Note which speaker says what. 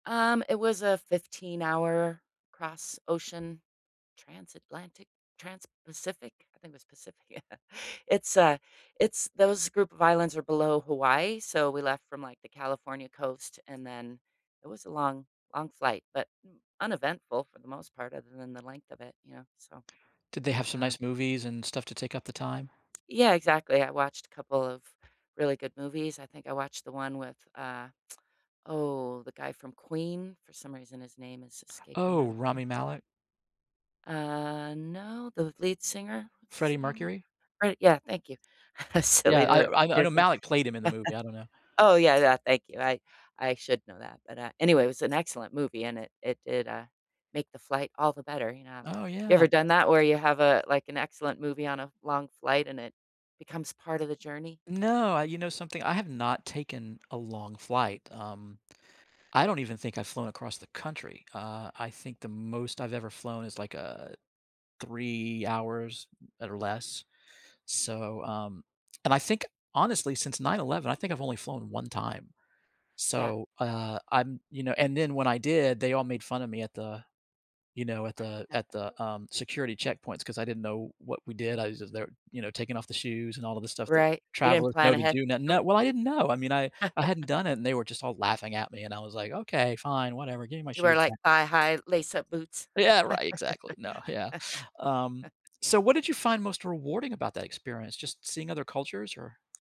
Speaker 1: Um, it was a fifteen-hour, cross ocean, transatlantic transpacific? I think it was Pacific? Yeah, it's a it's those group of islands are below Hawaii, so we left from, like, the California Coast, and then it was a long, long flight, but m uneventful, for the most part, other than the length of it, you know? So,
Speaker 2: Did they have some
Speaker 1: um
Speaker 2: nice movies and stuff to take up the time?
Speaker 1: Yeah, exactly, I watched a couple of really good movies, I think I watched the one with uh oh, the guy from Queen? For some reason, his name is escaping my
Speaker 2: Oh,
Speaker 1: brain.
Speaker 2: Rami Malek?
Speaker 1: Uh, no, the lead singer, what's
Speaker 2: Freddie
Speaker 1: his name?
Speaker 2: Mercury?
Speaker 1: Fred yeah, thank you.
Speaker 2: Yeah,
Speaker 1: Silly to
Speaker 2: I o
Speaker 1: r
Speaker 2: I I
Speaker 1: forget
Speaker 2: know
Speaker 1: his name.
Speaker 2: Malek played him in the movie, I don't know.
Speaker 1: Oh, yeah, yeah, thank you, I I should know that, but, uh, anyway, it was an excellent movie, and it it did, uh, make the flight all the better, you know?
Speaker 2: Oh,
Speaker 1: You
Speaker 2: yeah.
Speaker 1: ever done that where you have, uh, like, an excellent movie on a long flight, and it becomes part of the journey?
Speaker 2: No, I you know something? I have not taken a long flight, um, I don't even think I've flown across the country, uh, I think the most I've ever flown is, like, uh, 3 hours or less? So, um and, I think, honestly, since 9/11 I think I've only flown 1 time.
Speaker 1: Yeah.
Speaker 2: So, uh, I'm you know, and then when I did, they all made fun of me at the you know, at the at the, um, security checkpoints 'cause I didn't know what we did, I was just there, you know, taking off the shoes and all of the stuff that
Speaker 1: Right, you didn't
Speaker 2: travelers
Speaker 1: plan
Speaker 2: know to
Speaker 1: ahead?
Speaker 2: do no
Speaker 1: You
Speaker 2: no well, I didn't know, I mean, I I hadn't done it and they were just all laughing at me and I was like, "Okay, fine, whatever, give me my
Speaker 1: Did you wear,
Speaker 2: shoes
Speaker 1: like,
Speaker 2: back."
Speaker 1: thigh high lace up boots?
Speaker 2: Yeah, right, exactly no, yeah. Um, so what did you find most rewarding about that experience? Just seeing other cultures or